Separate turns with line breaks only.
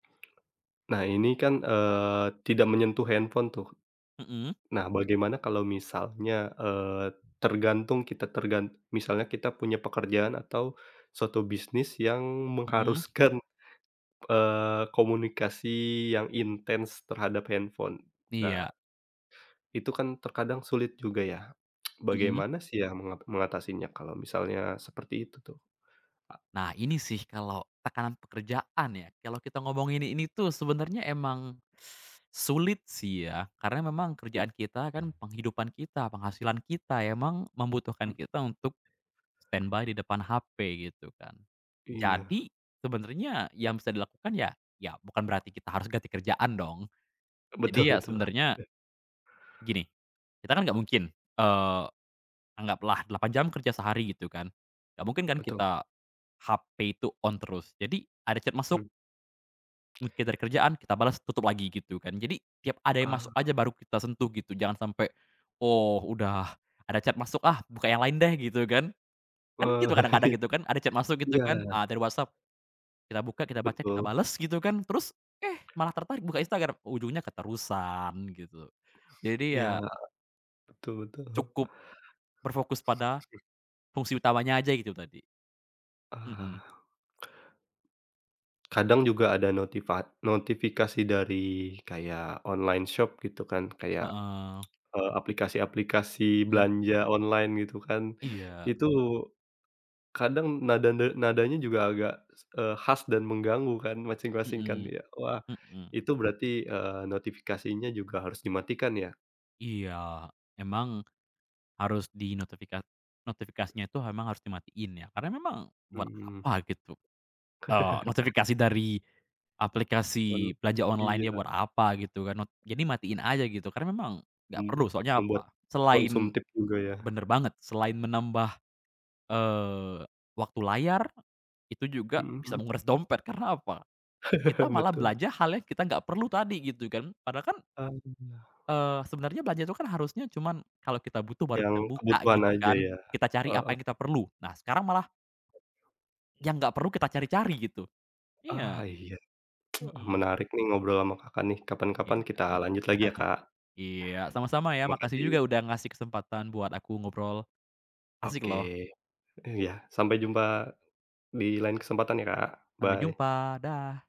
Nah ini kan, eee, tidak menyentuh handphone tuh,
Heeh.
nah bagaimana kalau misalnya, eee, tergantung kita tergan misalnya kita punya pekerjaan atau suatu bisnis yang
Heeh.
mengharuskan, eee, komunikasi yang intens terhadap handphone.
Iya.
Nah itu kan terkadang sulit juga ya,
Heeh.
bagaimana sih ya menga mengatasinya kalau misalnya seperti itu tuh, Kak?
Nah, ini sih kalau tekanan pekerjaan ya kalau kita ngomongin ini tuh sebenarnya emang, sulit sih ya karena memang
Iya.
kerjaan kita kan penghidupan kita, penghasilan kita, emang membutuhkan
Mhm.
kita untuk standby di depan HP gitu kan.
Iya.
Jadi sebenernya yang bisa dilakukan ya, ya bukan berarti kita harus ganti kerjaan dong,
Betul
jadi ya
betul,
sebenernya
oke.
gini, kita kan gak mungkin, eee, anggaplah 8 jam kerja sehari gitu kan, nggak mungkin kan
Betul.
kita HP itu on terus, jadi ada chat masuk
Mhm.
mungkin dari kerjaan, kita bales, tutup lagi, gitu kan. Jadi tiap ada yang masuk
Ah.
aja baru kita sentuh gitu jangan sampe oh udah, "Ada chat masuk ah buka yang lain deh," gitu kan. Kan gitu kadang-kadang
Eee,
gitu kan ada chat masuk gitu kan,
iya.
a dari WhatsApp kita buka, kita baca, kita
Betul.
bales gitu kan, terus, eh, malah tertarik buka Instagram ujungnya keterusan, gitu. Jadi
Iya,
ya
betul betul.
cukup berfokus pada fungsi utamanya aja itu tadi. Mhm.
Ah. Kadang juga ada notifa notifikasi dari kayak online shop gitu kan kayak,
Heeh.
eee, aplikasi-aplikasi
Mhm.
belanja online gitu kan.
Iya.
Itu kadang nada ne nadanya juga agak, eee, khas dan mengganggu kan masing-masing kan,
Heeh,
ya? Wah
heeh.
itu berarti, eee, notifikasinya juga harus dimatikan ya?
Iya, emang harus di notifika notifikasinya itu emang harus dimatiin ya karena memang buat
Mhm.
apa gitu, eee, notifikasi dari
Oh,
aplikasi belanja
iya.
online ya buat apa gitu kan, not jadi matiin aja gitu. Karena memang gak
Hmm,
perlu, soalnya
membuat
apa? Selain
konsumtif juga ya?
bener banget, selain menambah, eee, waktu layar itu juga
Mhm
bisa
mhm.
menguras dompet, karena apa? Kita malah
Betul.
belanja hal yang kita gak perlu tadi gitu kan, padahal kan
Ah.
eee, sebenarnya belanja itu kan harusnya cuman kalau kita butuh baru
Yang
kita buka
kebutuhan
gitu
aja
kan,
ya?
kita cari apa
Heeh.
yang kita perlu. Nah sekarang malah yang gak perlu kita cari-cari gitu.
Ah,
Iya.
iya.
Mhm.
Menarik nih ngobrol sama Kakak nih,
Iya.
kapan-kapan kita lanjut lagi ya, Kak.
Iya, sama-sama ya, makasih
Makasih.
juga udah ngasih kesempatan buat aku ngobrol, asik
Oke,
loh.
iya. Sampai jumpa di lain kesempatan ya, Kak.
Sampai
Bye.
jumpa, dah.